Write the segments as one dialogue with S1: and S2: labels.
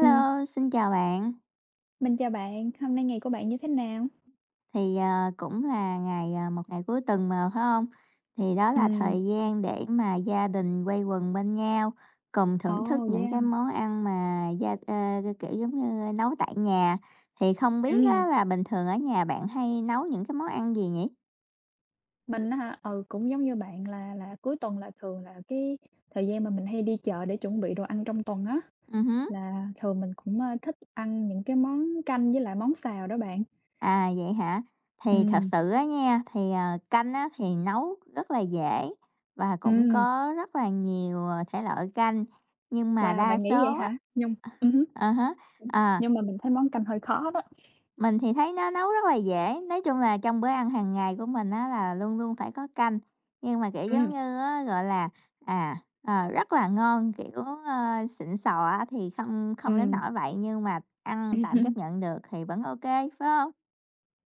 S1: Ừm.
S2: xin chào bạn.
S1: Mình chào bạn, hôm nay ngày của bạn như thế nào?
S2: Thì, ờ, cũng là ngày, ờ, một ngày cuối tuần mà, phải hông? Thì đó là
S1: Ừm.
S2: thời gian để mà gia đình quây quần bên nhau, cùng thưởng thức
S1: Ồ,
S2: những
S1: yeah!
S2: cái món ăn mà gia ờ, kiểu giống như nấu tại nhà. Thì không biết á
S1: Ừm.
S2: là bình thường ở nhà bạn hay nấu những cái món ăn gì nhỉ?
S1: Mình á hả? Ừ, cũng giống như bạn là là cuối tuần là thường là cái thời gian mà mình hay đi chợ để chuẩn bị đồ ăn trong tuần á.
S2: Ừm hứm.
S1: Là thường mình cũng, à, thích ăn những cái món canh với lại món xào đó bạn.
S2: À, vậy hả? Thì thật
S1: Ừm.
S2: sự á nha, thì, ờ, canh á thì nấu rất là dễ và cũng
S1: Ừm.
S2: có rất là nhiều, ờ, thể loại canh nhưng mà
S1: Wow,
S2: đa
S1: bạn nghĩ vậy
S2: số á
S1: hả? Nhung ừm hứm,
S2: à, à há, ờ.
S1: nhưng mà mình thấy món canh hơi khó đó.
S2: Mình thì thấy nó nấu rất là dễ. Nói chung là trong bữa ăn hàng ngày của mình á, là luôn luôn phải có canh. Nhưng mà, kiểu giống
S1: Ừm.
S2: như á, gọi là, à, ờ, rất là ngon, kiểu, ờ, xịn sò á, thì không không đến
S1: Ừm.
S2: nỗi vậy nhưng mà ăn tạm chấp nhận được thì vẫn ô kê, phải hông?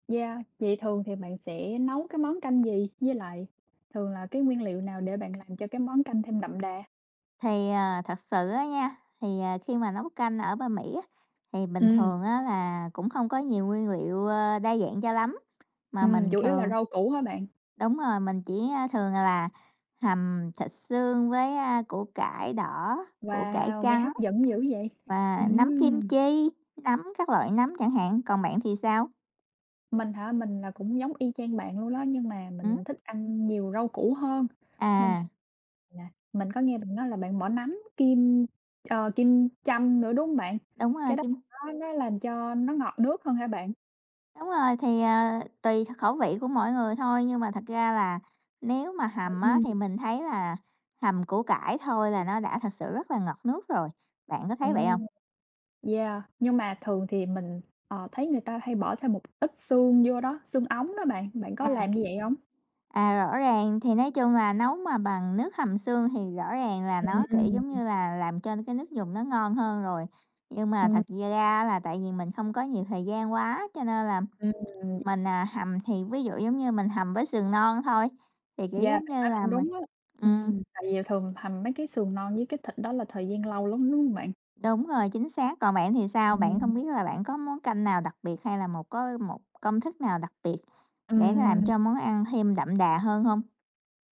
S1: Yeah. Thì thường thì bạn sẽ nấu cái món canh gì? Với lại thường là cái nguyên liệu nào để bạn làm cho cái món canh thêm đậm đà?
S2: Thì, à, thật sự á nha, thì, ờ, khi mà nấu canh ở bên Mỹ á, thì bình
S1: Ừm.
S2: thường á là cũng không có nhiều nguyên liệu, ơ, đa dạng cho lắm, mà
S1: Ừm,
S2: mình
S1: chủ yếu là
S2: thường
S1: rau củ hả bạn?
S2: đúng rồi, mình chỉ, a, thường là hầm thịt xương với, a, củ cải đỏ, củ cải
S1: Wow, nghe
S2: trắng
S1: hấp dẫn dữ vậy,
S2: và nấm kim
S1: ừm.
S2: chi, nấm các loại nấm chẳng hạn. Còn bạn thì sao?
S1: Mình hả? Mình là cũng giống y chang bạn luôn đó, nhưng mà
S2: Ừm.
S1: mình thích ăn nhiều rau củ hơn, nên
S2: À.
S1: là mình có nghe bạn nói là bạn bỏ nấm kim, ờ, kim châm nữa, đúng hông bạn?
S2: Đúng rồi,
S1: Cái đó
S2: kim
S1: nó nó làm cho nó ngọt nước hơn hả bạn?
S2: Đúng rồi. Thì, à, tùy kh khẩu vị của mỗi người thôi, nhưng mà thật ra là nếu mà hầm á
S1: Ừm.
S2: thì mình thấy là hầm củ cải thôi là nó đã thực sự rất là ngọt nước rồi. Bạn có thấy vậy hông?
S1: Ừm. Yeah. Nhưng mà thường thì mình, ờ, thấy người ta hay bỏ thêm một ít xương vô đó, xương ống đó bạn. Bạn có
S2: À.
S1: làm như vậy hông?
S2: À, rõ ràng. Thì nói chung là nấu mà bằng nước hầm xương thì rõ ràng là nó, kiểu, giống
S1: Ừm.
S2: như là, làm cho cái nước dùng nó ngon hơn rồi. Nhưng mà
S1: Ừm.
S2: thật da ra á là tại vì mình không có nhiều thời gian quá, cho nên là
S1: Ừm.
S2: mình, à, hầm thì ví dụ, giống như, mình hầm với sườn non thôi, thì, kiểu,
S1: Yeah,
S2: giống
S1: bạn
S2: như
S1: nói
S2: là,
S1: cũng
S2: mình
S1: đúng á,
S2: ừm.
S1: ừm. Tại vì thường hầm mấy cái sườn non với cái thịt đó là thời gian lâu lắm, đúng hông bạn?
S2: Đúng rồi, chính xác. Còn bạn thì sao? Bạn
S1: Ừm.
S2: không biết là bạn có món canh nào đặc biệt hay là một có một công thức nào đặc biệt để làm
S1: Ừm.
S2: cho món ăn thêm đậm đà hơn hông?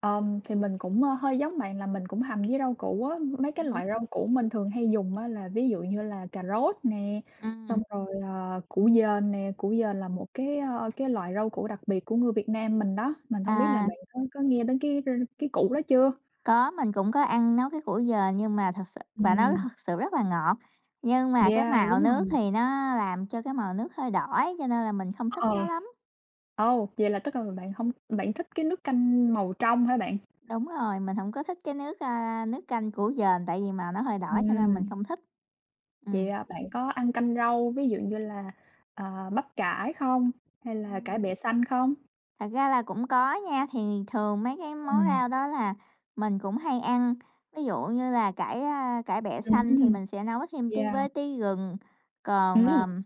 S1: Ừm, thì mình cũng hơi giống bạn là mình cũng hầm với rau củ á. Mấy cái
S2: Ừm hứm.
S1: loại rau củ mình thường hay dùng á là ví dụ như là cà rốt nè, xong
S2: Ừm.
S1: rồi, ờ, củ dền nè. Củ dền là một cái, ơ, cái loại rau củ đặc biệt của người Việt Nam mình đó. Mình hông biết là
S2: À.
S1: bạn có có nghe đến cái r cái củ đó chưa?
S2: Có, mình cũng có ăn nấu cái củ dền, nhưng mà thực sự và nó
S1: Ừm.
S2: thực sự rất là ngọt. Nhưng mà cái
S1: Yeah,
S2: màu
S1: đúng
S2: nước
S1: rồi.
S2: thì nó làm cho cái màu nước hơi đỏ ấy, cho nên là mình không thích nó
S1: Ờ.
S2: lắm.
S1: Ồ! Vậy là tức là bạn hông bạn thích cái nước canh màu trong hả bạn?
S2: Đúng rồi, mình hổng có thích cái nước, a, nước canh củ dền tại vì màu nó hơi đỏ cho nên mình
S1: Ừm.
S2: không thích. Ừm.
S1: Vậy, à, bạn có ăn canh rau, ví dụ như là, ờ, bắp cải không? Hay là cải
S2: Ừm.
S1: bẹ xanh không?
S2: Thật ra là cũng có nha. Thì thường mấy cái món
S1: Ừm.
S2: rau đó là mình cũng hay ăn, ví dụ như là cải, a, cải bẹ
S1: Ừm
S2: xanh thì
S1: hưm,
S2: mình sẽ nấu thêm tí
S1: yeah.
S2: với tí gừng. Còn,
S1: Ừm!
S2: ờm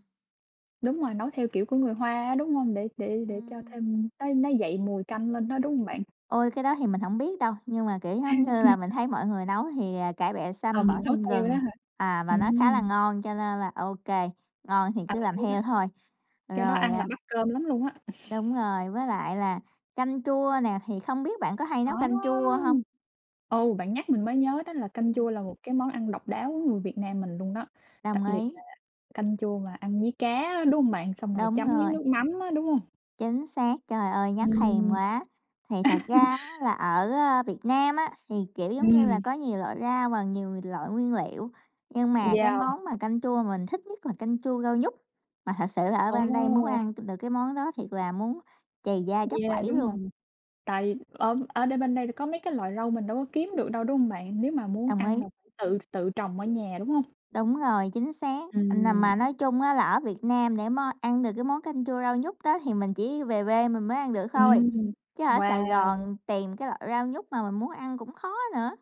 S1: Đúng rồi, nấu theo kiểu của người Hoa á, đúng hông? Để để để cho
S2: Ừm.
S1: thêm nó nó dậy mùi canh lên đó, đúng hông bạn?
S2: Ôi, cái đó thì mình hổng biết đâu. Nhưng mà, kiểu giống như là, mình thấy mọi người nấu thì, à, cải bẹ
S1: Ờ,
S2: xanh bỏ
S1: mình nấu
S2: thêm
S1: theo đó
S2: gừng,
S1: hả?
S2: à, và nó khá là
S1: Ừm.
S2: ngon. Cho nên là ô kê, ngon thì
S1: À,
S2: cứ làm
S1: cái đó
S2: theo thôi.
S1: cái đó
S2: Rồi,
S1: ăn là
S2: à
S1: bắt cơm lắm luôn á.
S2: Đúng rồi. Với lại là canh chua nè, thì không biết bạn có hay
S1: Đó!
S2: nấu canh chua hông?
S1: Ừ, bạn nhắc mình mới nhớ đó là canh
S2: Ừm.
S1: chua là một cái món ăn độc đáo của người Việt Nam mình luôn đó, đặc
S2: Đồng
S1: biệt là
S2: ý.
S1: canh chua mà ăn với cá, đúng hông bạn? Xong rồi
S2: Đúng
S1: chấm miếng
S2: rồi.
S1: nước mắm á, đúng hông?
S2: Chính xác, trời ơi, nhắc thèm
S1: Ừm.
S2: quá! Thì thật ra á, là ở, ơ, Việt Nam á, thì, kiểu giống như là,
S1: Ừm.
S2: có nhiều loại rau và nhiều loại nguyên liệu. Nhưng mà cái
S1: Yeah.
S2: món mà canh chua mình thích nhất là canh chua rau nhút. Mà thật sự là ở
S1: Ồ!
S2: bên đây muốn ăn t được cái món đó thiệt là muốn trầy da tróc
S1: Yeah,
S2: vẩy
S1: đúng
S2: luôn.
S1: rồi. Tại ở ở đây bên đây thì có mấy cái loại rau mình đâu có kiếm được đâu, đúng hông bạn? Nếu mà muốn
S2: Đồng
S1: ăn
S2: ý.
S1: là phải tự tự trồng ở nhà, đúng hông?
S2: Đúng rồi, chính xác. À,
S1: Ừm.
S2: mà nói chung á, là ở Việt Nam, để món ăn được cái món canh chua rau nhút đó thì mình chỉ về quê mình mới ăn được thôi,
S1: Ừm,
S2: chứ ở Sài
S1: wow.
S2: Gòn tìm cái loại rau nhút mà mình muốn ăn cũng khó nữa.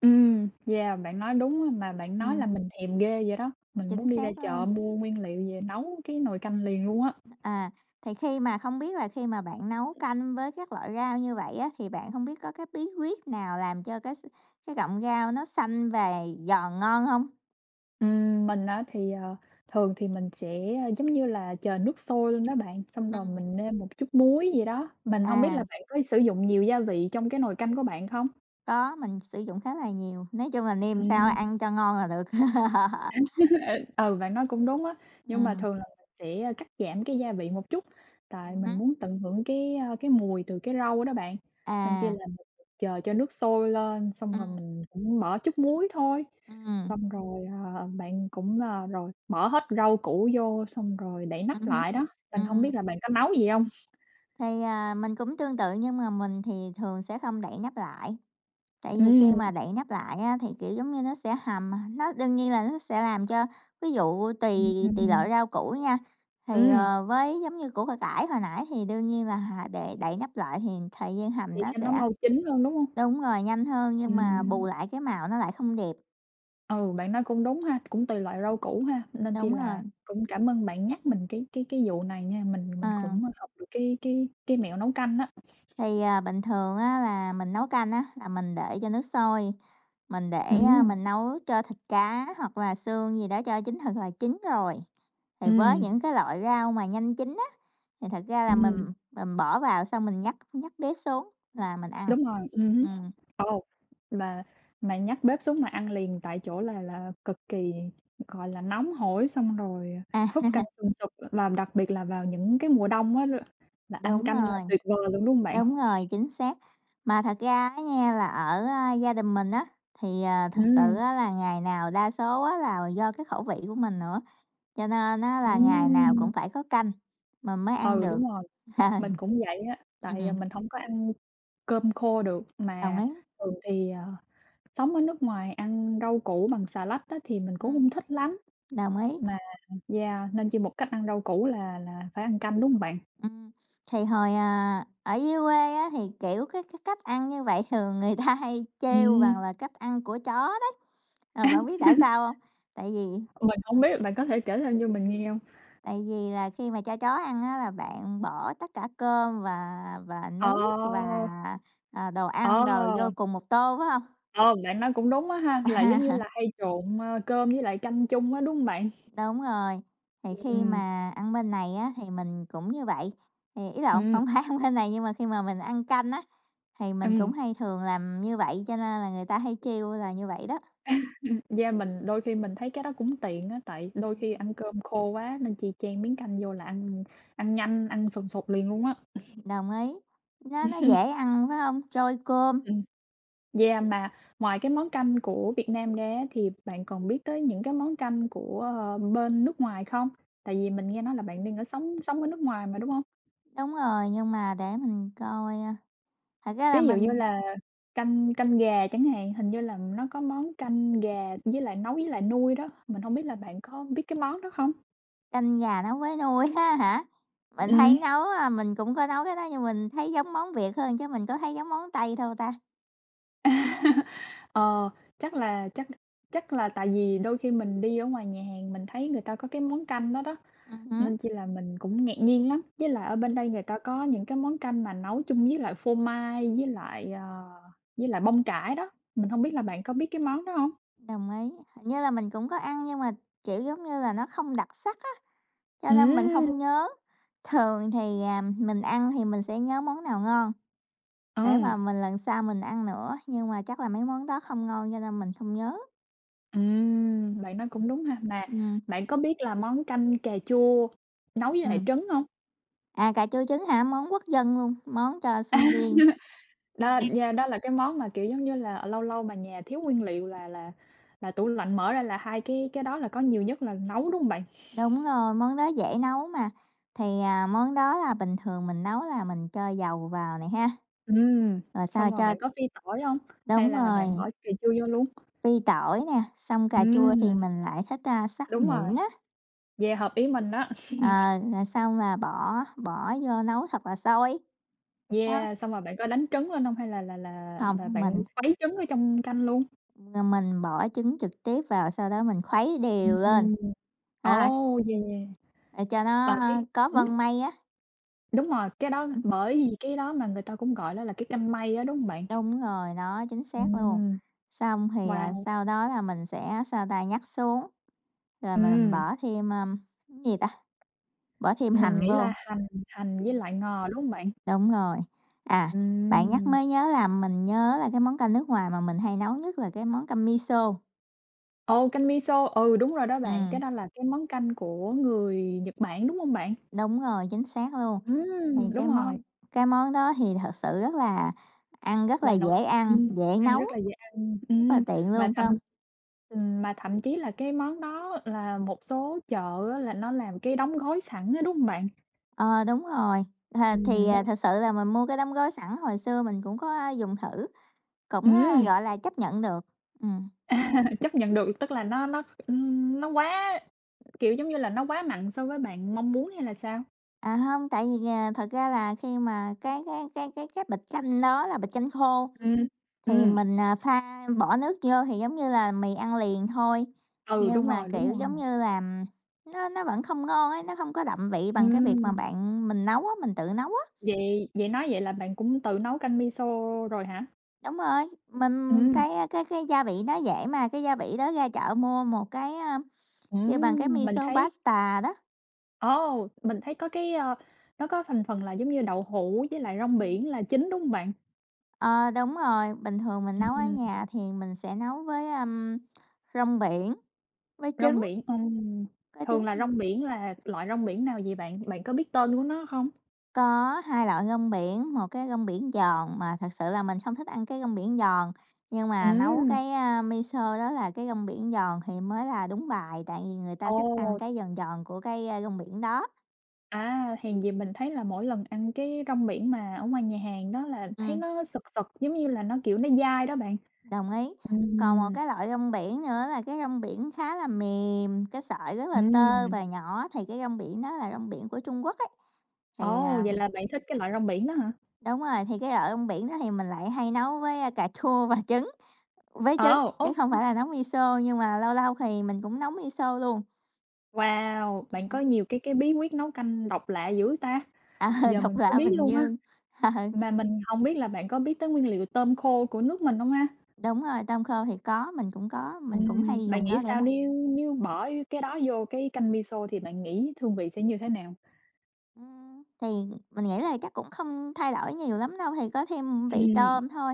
S1: Ừm, yeah, bạn nói đúng á, mà bạn nói
S2: Ừm.
S1: làm mình thèm ghê vậy đó, mình
S2: Chính
S1: muốn đi ra
S2: xác
S1: chợ
S2: luôn.
S1: mua nguyên liệu về nấu cái nồi canh liền luôn á.
S2: À, thì khi mà không biết là khi mà bạn nấu canh với các loại rau như vậy á, thì bạn hông biết có cái bí quyết nào làm cho cái x cái cọng rau nó xanh và giòn ngon hông?
S1: Ừm, mình á thì, ờ, thường thì mình sẽ, giống như là, chờ nước sôi luôn đó bạn, xong rồi
S2: Ừm.
S1: mình nêm một chút muối vậy đó, mình hông biết là
S2: À.
S1: bạn có sử dụng nhiều gia vị trong cái nồi canh của bạn không?
S2: Có, mình sử dụng khá là nhiều, nói chung là nêm sao
S1: Ừm.
S2: ăn cho ngon là được.
S1: [unintelligible] Ừ, ừ, bạn nói cũng đúng á. Nhưng mà
S2: Ừm.
S1: thường là sẽ cắt giảm cái gia vị một chút, tại
S2: Ừm
S1: mình
S2: hứm.
S1: muốn tận hưởng cái, a, cái mùi từ cái rau đó bạn, nên chi
S2: À.
S1: là mình chờ cho nước sôi lên xong rồi
S2: Ừm.
S1: mình cũng bỏ chút muối thôi.
S2: Ừm.
S1: Xong rồi, ờ, bạn cũng, à rồi bỏ hết rau củ vô xong rồi đậy
S2: Ừm
S1: nắp
S2: hứm,
S1: lại đó, mình hông biết
S2: ừm.
S1: là bạn có nấu vậy hông?
S2: Thì, à, mình cũng tương tự nhưng mà mình thì thường sẽ không đậy nắp lại. Tại vì
S1: Ừm.
S2: khi mà đậy nắp lại á thì, kiểu, giống như nó sẽ hầm mà nó đương nhiên là nó sẽ làm cho ví dụ tùy
S1: Ừm, ừm,
S2: tùy
S1: ừm.
S2: loại rau củ nha, thì,
S1: Ừm.
S2: ờ, với giống như củ c cải hồi nãy thì đương nhiên là hà để đậy nắp lại thì thời gian hầm
S1: Để
S2: nó
S1: cho nó
S2: sẽ
S1: mau chín hơn, đúng hông?
S2: đúng rồi, nhanh hơn nhưng mà bù
S1: Ừm.
S2: lại cái màu nó lại không đẹp.
S1: Ừ, bạn nói cũng đúng ha, cũng tùy loại rau củ ha, nên chi
S2: Đúng rồi!
S1: là cũng cảm ơn bạn nhắc mình cái cái cái vụ này nha. Mình thì mình
S2: À.
S1: cũng học được cái cái cái mẹo nấu canh á.
S2: Thì, à, bình thường á là mình nấu canh á, là mình để cho nước sôi, mình để, a,
S1: Ừm.
S2: mình nấu cho thịt cá, hoặc là xương gì đó cho chín thật là chín rồi. Thì với
S1: Ừm.
S2: những cái loại rau mà nhanh chín á, thì thật ra là mình
S1: Ừm.
S2: mình bỏ vào xong mình nhấc nhấc bếp xuống là mình ăn.
S1: Đúng rồi, ừm hứm.
S2: Ừm.
S1: Ô. Mà mà nhấc bếp xuống mà ăn liền tại chỗ là là cực kỳ, gọi là, nóng hổi. Xong rồi, à, húp canh
S2: À.
S1: sùm sụp á. Làm đặc biệt là vào những cái mùa đông á, l là ăn
S2: Đúng
S1: canh là
S2: rồi!
S1: tuyệt vời luôn đúng hông bạn?
S2: Đúng rồi, chính xác! Mà thật ra á nha là ở, a, gia đình mình á, thì, à, thực sự
S1: Ừm.
S2: á là ngày nào đa số á là do cái khẩu vị của mình nữa, cho nên á là ngày nào
S1: Ừm.
S2: cũng phải có canh mình mới ăn
S1: Ừ,
S2: được.
S1: đúng rồi. Mình cũng vậy á, tại, à,
S2: Ừm.
S1: mình hổng có ăn cơm khô được,
S2: Đồng
S1: mà
S2: ý!
S1: thường thì, ờ, sống ở nước ngoài ăn rau củ bằng xà lách á, thì mình cũng
S2: Ừm.
S1: hông thích lắm.
S2: Đồng ý!
S1: Mà yeah nên chi một cách ăn rau củ là là phải ăn canh đúng hông bạn?
S2: Ừm. Thì hồi, à, ở dưới quê á, thì, kiểu, cái cái cách ăn như vậy thường người ta hay trêu rằng
S1: Ừm.
S2: là cách ăn của chó đấy. À, bạn biết tại sao hông? Tại vì
S1: Mình hổng biết, bạn có thể kể thêm cho mình nghe hông?
S2: tại vì là khi mà cho chó ăn á là bạn bỏ tất cả cơm và và
S1: Ờ,
S2: nước và, à, đồ
S1: ờ.
S2: ăn đồ vô cùng một tô, phải hông?
S1: Ờ, bạn nói cũng đúng á ha, là giống như là hay trộn, a, cơm với lại canh chung á, đúng hông bạn?
S2: Đúng rồi. Thì khi
S1: Ừm.
S2: mà ăn bên này á thì mình cũng như vậy.Thì ý lộn,
S1: Ừm.
S2: hổng phải, hông bên này nhưng mà, khi mà mình ăn canh á, thì mình cũng
S1: Ừm.
S2: hay thường làm như vậy cho nên là người ta hay trêu là như vậy đó.
S1: Yeah, mình đôi khi mình thấy cái đó cũng tiện á, tại đôi khi
S2: Ừm.
S1: ăn cơm khô quá, nên chi chan miếng canh vô là ăn ăn nhanh, ăn sùng sục liền luôn á.
S2: Đồng ý. Nó nó dễ ăn phải hông? Trôi cơm.
S1: Ừm, yeah, mà ngoài cái món canh của Việt Nam ra á, thì bạn còn biết tới những cái món canh của, a, bên nước ngoài không? Tại vì mình nghe nói là bạn
S2: Ừm
S1: đang ở
S2: hưm.
S1: sống sống ở nước ngoài mà đúng hông?
S2: Đúng rồi, nhưng mà để mình coi, a, thật ra là
S1: Ví dụ như
S2: mình
S1: là canh canh gà chẳng hạn, hình như là nó có món canh gà với lại nấu với lại nui đó. Mình hông biết là bạn có biết cái món đó không?
S2: Canh gà nấu với nui ha hả? Mình
S1: Ừm.
S2: thấy nấu, a mình cũng có nấu cái đó nhưng mình thấy giống món Việt hơn chứ mình có thấy giống món Tây đâu ta?
S1: Ờ, chắc là chắc chắc là tại vì đôi khi mình đi ở ngoài nhà hàng mình thấy người ta có cái món canh đó đó,
S2: Ừm hứm.
S1: nên chi là mình cũng ngạc nhiên lắm, với lại ở bên đây người ta có những cái món canh mà nấu chung với lại phô mai với lại, ờ, với lại bông cải đó, mình hông biết
S2: Ừm
S1: là
S2: hứm.
S1: bạn có biết cái món đó hông?
S2: Đồng ý, hình như là mình cũng có ăn nhưng mà, kiểu, giống như là nó không đặc sắc á, cho nên mình
S1: Ừm.
S2: không nhớ. Thường thì, à, mình ăn thì mình sẽ nhớ món nào ngon để
S1: Ờm.
S2: mà mình lần sau mình ăn nữa, nhưng mà chắc là mấy món đó không ngon cho nên mình không nhớ.
S1: Ừm, bạn nói cũng đúng ha. Mà
S2: Ừm.
S1: bạn có biết làm món canh cà chua nấu với lại
S2: Ừm.
S1: trứng hông?
S2: À, cà chua trứng hả? Món quốc dân luôn, món cho sinh viên.
S1: Đo,
S2: [unintelligible]
S1: yeah, đó là cái món mà, kiểu, giống như là, ờ, lâu lâu mà nhà thiếu nguyên liệu là là là tủ lạnh mở ra là 2 cái cái đó là có nhiều nhất là nấu, đúng hông bạn?
S2: Đúng rồi, món đó dễ nấu mà. Thì, à, món đó là bình thường mình nấu là mình cho dầu vào nè ha.
S1: Ừm,
S2: Rồi sau
S1: xong rồi
S2: cho
S1: bạn có phi tỏi hông? Hay
S2: Đúng
S1: là
S2: rồi.
S1: bạn bỏ cà chua vô luôn?
S2: Phi tỏi nè, xong cà
S1: Ừm,
S2: chua thì
S1: ừm.
S2: mình lại thích, a, xắt
S1: Đúng rồi.
S2: nhuyễn á.
S1: Yeah, hợp ý mình á.
S2: Ờ, rồi xong là bỏ bỏ vô nấu thật là sôi. Đó.
S1: Yeah, xong rồi bạn có đánh trứng lên hông hay là là là
S2: Hông,
S1: là bạn
S2: mình
S1: khuấy trứng ở trong canh luôn?
S2: Rồi mình bỏ trứng trực tiếp vào, sau đó mình khuấy
S1: Ừm,
S2: đều lên.
S1: ừm.
S2: Ha.
S1: Ồ, yeah!
S2: Để cho nó,
S1: Và cái
S2: a, có
S1: hửm?
S2: vân mây á.
S1: Đúng rồi, cái đó
S2: Ừm.
S1: bởi vì cái đó mà người ta cũng gọi nó là cái canh mây á, đúng hông bạn?
S2: Đúng rồi, đó chính xác luôn,
S1: Ừm.
S2: xong thì à,
S1: Wow!
S2: sau đó là mình sẽ, sao ta, nhắc xuống rồi mình
S1: Ừm.
S2: bỏ thêm, ờm, cái gì ta? Bỏ thêm
S1: Mình
S2: hành
S1: nghĩ
S2: vô.
S1: là hành hành với
S2: Ừm.
S1: lại ngò, đúng hông bạn?
S2: Đúng rồi, à, bạn nhắc
S1: Ừm.
S2: mới nhớ là mình nhớ là cái món canh nước ngoài mà mình hay nấu nhất là cái món canh miso.
S1: Ồ, canh miso, ừ, đúng rồi đó bạn,
S2: Ừm.
S1: cái đó là cái món canh của người Nhật Bản, đúng hông bạn?
S2: Đúng rồi, chính xác luôn, thì
S1: Ừm, đúng
S2: cái món
S1: rồi.
S2: cái món đó thì thật sự rất là ăn rất là
S1: Là nổi
S2: dễ ăn,
S1: ừm,
S2: dễ
S1: ăn
S2: nấu
S1: rất là dễ ăn.
S2: rất là
S1: Ừm,
S2: tiện
S1: mà
S2: luôn, phải
S1: thậm
S2: hông?
S1: ừm, mà thậm chí là cái món đó là một số chợ á, là nó làm cái đóng gói sẵn á, đúng hông bạn?
S2: Ờ, đúng rồi, à, thì,
S1: Ừm.
S2: à,
S1: [unintelligible]
S2: thực sự là mình mua cái đóng gói sẵn hồi xưa mình cũng có, a, dùng thử, cũng, a,
S1: Ừm.
S2: gọi là, chấp nhận được. Ừm.
S1: À, chấp nhận được, tức là nó nó, ừm, nó quá kiểu giống như là, nó quá mặn so với bạn mong muốn hay là sao?
S2: À, hông, tại vì à, thật ra là khi mà cái cái cái cái cái bịch canh đó là bịch canh khô
S1: Ừm,
S2: thì
S1: ừm.
S2: mình, à, pha bỏ nước vô thì giống như là mì ăn liền thôi,
S1: Ừ, đúng
S2: nhưng mà,
S1: rồi, đúng
S2: kiểu,
S1: rồi.
S2: giống như là, nó nó vẫn không ngon ấy, nó hông có đậm vị bằng cái việc mà
S1: Ừm.
S2: bạn mình nấu á, mình tự nấu á.
S1: Vậy vậy nói vậy là bạn cũng tự nấu canh miso rồi hả?
S2: Đúng rồi, mình
S1: Ừm.
S2: cái, a, cái cái gia vị nó dễ mà, cái gia vị đó ra chợ mua một cái, a, kêu bằng cái
S1: Ừm, mình
S2: miso
S1: thấy
S2: pasta đó.
S1: Ồ, mình thấy có cái, ơ, nó có thành phần là giống như đậu hũ với lại rong
S2: Ừm.
S1: biển là chính, đúng hông bạn?
S2: Ờ, đúng rồi, bình thường mình
S1: Ừm,
S2: nấu ở
S1: ừm.
S2: nhà thì mình sẽ nấu với, ưm, rong biển, với trứng.
S1: Rong biển, ừm,
S2: Có trứng,
S1: thường là
S2: ừm.
S1: rong biển là loại rong biển nào vậy bạn? Bạn có biết tên của nó không?
S2: Có 2 loại rong biển, một cái rong biển giòn mà thực sự là mình không thích ăn cái rong biển giòn, nhưng mà nấu
S1: Ừm.
S2: cái, a, miso đó là cái rong biển giòn thì mới là đúng bài, tại vì người ta thích ăn
S1: Ồ!
S2: cái giòn giòn của cái rong biển đó.
S1: À, hèn gì mình thấy là mỗi lần ăn cái rong biển mà ở ngoài nhà hàng đó là thấy
S2: Ừm.
S1: nó sực sực giống như là nó, kiểu, nó dai đó bạn.
S2: Đồng ý, còn một
S1: Ừm.
S2: cái loại rong biển nữa là cái rong biển khá là mềm, cái sợi rất là tơ
S1: Ừm.
S2: và nhỏ thì cái rong biển đó là rong biển của Trung Quốc ấy, thì
S1: Ồ!
S2: à
S1: Vậy là bạn thích cái loại rong biển đó hả?
S2: Đúng rồi, thì cái loại trong biển đó thì mình lại hay nấu với cà chua và trứng với trứng,
S1: Ờ,
S2: chứ
S1: ô
S2: không
S1: kê.
S2: phải là nấu miso nhưng mà lâu lâu thì mình cũng nấu miso luôn.
S1: Wow! Bạn có
S2: Ừm.
S1: nhiều cái cái bí quyết nấu canh độc lạ dữ ta!
S2: Ờ,
S1: Giờ
S2: độc
S1: mình mới
S2: lạ
S1: biết
S2: Bình
S1: luôn á.
S2: Dương. Ờ.
S1: Mà mình hông biết là bạn có biết tới nguyên liệu tôm khô của nước mình hông ha?
S2: Đúng rồi. Tôm khô thì có, mình cũng có, mình cũng
S1: Ừm,
S2: hay
S1: bạn
S2: dùng
S1: nghĩ
S2: nó để
S1: sao
S2: nấu.
S1: nếu nếu bỏ cái đó vô cái canh Miso thì bạn nghĩ hương vị sẽ như thế nào?
S2: Ừm, thì mình nghĩ là chắc cũng không thay đổi nhiều lắm đâu, thì có thêm vị
S1: Ừm.
S2: tôm thôi.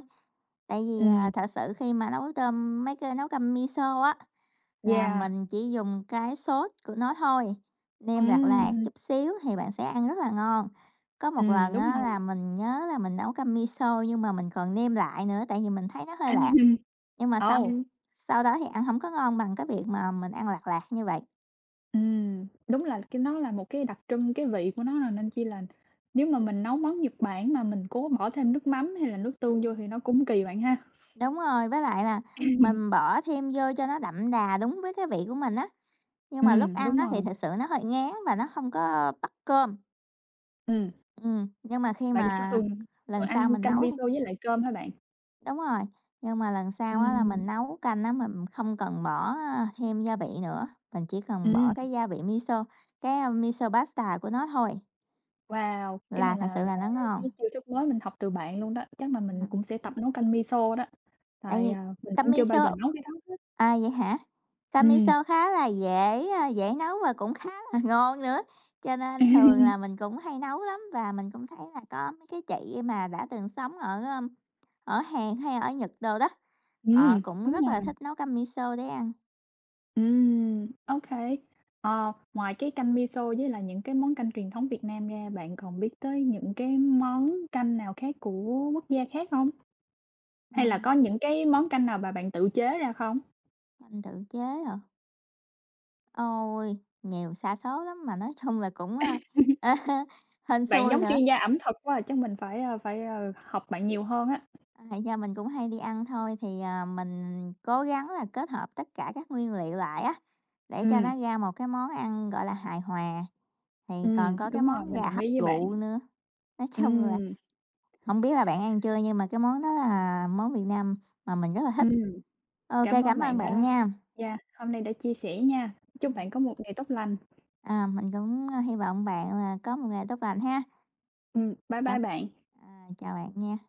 S2: Tại vì, à,
S1: Ừm.
S2: thật sự khi mà nấu tôm mấy cái nấu canh Miso á, là
S1: Yeah.
S2: mình chỉ dùng cái sốt của nó thôi, nêm lạt
S1: Ừm
S2: lạt
S1: hưm.
S2: chút xíu thì bạn sẽ ăn rất là ngon. Có một
S1: Ừm,
S2: lần
S1: đúng
S2: á
S1: rồi.
S2: là mình nhớ là mình nấu canh Miso nhưng mà mình còn nêm lại nữa tại vì mình thấy nó hơi lạt. Nhưng mà xong
S1: Ồ!
S2: sau đó thì ăn hổng có ngon bằng cái việc mà mình ăn lạt lạt như vậy.
S1: Ừm, đúng là cái nó là một cái đặc trưng cái vị của nó rồi. Nên chi là nếu mà mình nấu món Nhật Bản mà mình cố bỏ thêm nước mắm hay là nước tương vô
S2: Ừm.
S1: thì nó cũng kỳ bạn ha.
S2: Đúng rồi. Với lại là mình bỏ thêm vô cho nó đậm đà đúng với cái vị của mình á, nhưng mà lúc
S1: Ừm,
S2: ăn
S1: đúng
S2: á thì
S1: rồi.
S2: thực sự nó hơi ngán và nó hông có bắt cơm.
S1: Ừm.
S2: Ừm, nhưng mà khi
S1: Bạn ch
S2: mà
S1: thường thường
S2: lần
S1: rồi
S2: sau
S1: ăn
S2: mình
S1: canh
S2: nấu
S1: miso
S2: thì
S1: với lại cơm hả bạn?
S2: Đúng rồi, nhưng mà lần sau á là mình
S1: Ừm.
S2: nấu canh á mình không cần bỏ thêm gia vị nữa, mình chỉ cần
S1: Ừm.
S2: bỏ cái gia vị miso, cái miso paste của nó thôi.
S1: Wow, cái này
S2: là thật
S1: là
S2: sự
S1: là
S2: là nó
S1: cái
S2: ngon.
S1: chiêu thức mới mình học từ bạn luôn đó, chắc là mình
S2: [unintelligible]
S1: cũng sẽ tập nấu canh miso đó,
S2: Tại
S1: tại,
S2: vì
S1: à, mình
S2: tâm
S1: cũng chưa bao giờ
S2: miso
S1: nấu cái đó hết.
S2: à, vậy hả? Canh
S1: Ừm.
S2: miso khá là dễ, a, dễ nấu và cũng khá là ngon nữa. Cho nên thường là mình cũng hay nấu lắm và mình cũng thấy là có mấy cái chị mà đã từng sống ở ở Hàn hay ở Nhật đồ đó, họ
S1: Ừm,
S2: cũng
S1: đúng
S2: rất là
S1: rồi.
S2: thích nấu canh miso để ăn.
S1: Ừm, okay. Ờ, ngoài cái canh miso với lại những cái món canh truyền thống Việt Nam ra, bạn còn biết tới những cái món canh nào khác của quốc gia khác không? Hay là
S2: Ừm.
S1: có những cái món canh nào mà bạn tự chế ra không?
S2: Bạn tự chế hả? Ôi! Nhiều xa số lắm mà nói chung là cũng, a, hên
S1: Bạn
S2: xui
S1: giống
S2: nữa.
S1: chuyên gia ẩm thực quá, chắc mình phải, a, phải, ừ, học bạn nhiều hơn á.
S2: Hay do mình cũng hay đi ăn thôi thì, à, mình cố gắng là kết hợp tất cả các nguyên liệu lại á, để cho
S1: Ừm.
S2: nó ra một cái món ăn, gọi là, hài hòa, thì còn
S1: Ừm,
S2: có cái
S1: đúng rồi,
S2: món
S1: mình
S2: gà
S1: đồng
S2: hấp
S1: ý với bạn.
S2: rượu nữa. Nói chung là,
S1: Ừm.
S2: không biết là bạn ăn chưa nhưng mà cái món đó là món miền Nam mà mình rất là thích.
S1: Ừm.
S2: Ô kê,
S1: Cảm ơn
S2: cảm
S1: bạn
S2: ơn bạn
S1: đã
S2: nha.
S1: yeah, hôm nay đã chia sẻ nha. Chúc bạn
S2: Ừm.
S1: có một ngày tốt lành.
S2: À, mình cũng hy vọng bạn là có một ngày tốt lành ha.
S1: Ừm, bye bye
S2: Cảm
S1: bạn.
S2: à, chào bạn nha.